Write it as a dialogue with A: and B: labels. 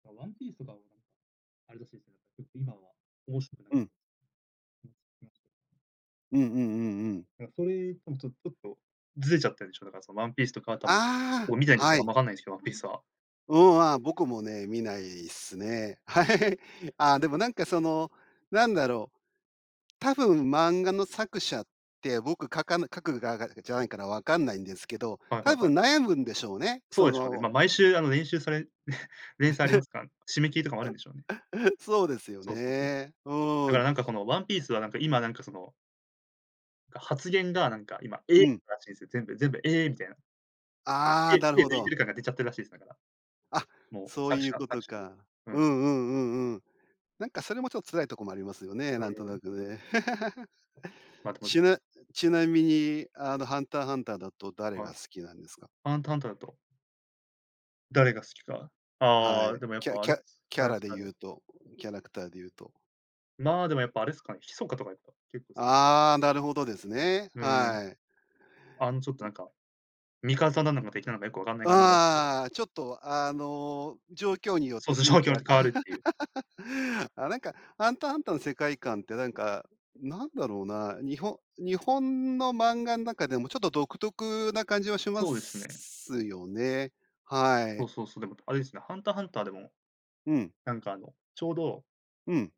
A: あ、ワンピースとかは何かあれです 今は、面白くな
B: う
A: く
B: ん。うんうんうんうん。
A: あ、それとも、ちょとっと、ずれちゃったでしょ？だから、そ、ワンピースとかはたも、
B: ああ、
A: もう見ないです、
B: は
A: あん
B: い。
A: ま分かんないすけど、ワンピースは。
B: うん、あ、僕もね、見ないっすね。はい。あ、でもなんかその、なんだろう、多分漫画の作者って、僕描かな描く側がじゃないからわかんないんですけど、
A: はいは
B: 多
A: いは
B: 分
A: い。
B: 悩むんでしょうね、
A: そう
B: そ
A: でしょうね。
B: の
A: ま、毎週あの、れんしゅうされ 連載ありますかん、締め切りとかもあるんでしょうね。
B: そうですよ
A: そうそうそう。
B: ね、
A: だ
B: う
A: か
B: ん。
A: らなんかこの、ワンピースはなんか今、なんかそのが発言がなんか今「え！」
B: うん。
A: らしいんす、全部全部「ええ！」みたいな。
B: ああ、
A: て
B: なる
A: 手
B: ほ
A: で抜いて
B: ど。
A: る感が出ちゃってるらしいす、だから。
B: あ、
A: もう、
B: そう
A: 作
B: いう
A: 者
B: こと
A: 作者が、
B: か、
A: う
B: う
A: ん。
B: ん、うん、うん、うん。なんかそれもちょっ、辛いとこもありますよね、
A: うん
B: なんと
A: う
B: な
A: ん。
B: くね。
A: まあ、でも
B: ちなちなみにあの、ハンターハンターだと誰
A: は
B: が
A: い。
B: 好きなんですか？
A: ハンターハンターだと誰が好きか？
B: は
A: ああ、
B: い、
A: でもやっ
B: キャ
A: ぱあ
B: キ
A: れ
B: ャ
A: す、キ
B: キ
A: ャ
B: ャ
A: ラ
B: ラ
A: ク
B: で
A: ター
B: 言
A: で
B: うとキャラクターで言うと。
A: まあ、でもやっぱあれすかね、ヒソカとかやっぱ、結構好き。
B: ああ、なるほどですね、
A: うーん、
B: はい。
A: あん、ちょっとなんか、味方なのか敵なのかよくわかんない
B: う、
A: 感じがちと
B: ああ、ちょっと、あの、状況によっ
A: そ
B: て
A: うそう、
B: 雰
A: 状
B: 囲
A: 況に
B: 気
A: よっ
B: が、
A: て変
B: か
A: わるっていう。
B: あ、なんか、ハンターハンターの世界観ってなんか、なんだろうな？にほ日本の漫画ん中でもちょっと独特な感じはしま
A: そうです
B: す
A: ね。
B: すよね、は
A: そ
B: い。
A: うそうそう、でも、とあれですね、ハンターハンターでも、
B: うん。
A: なんか、あの、ちょうど
B: うん。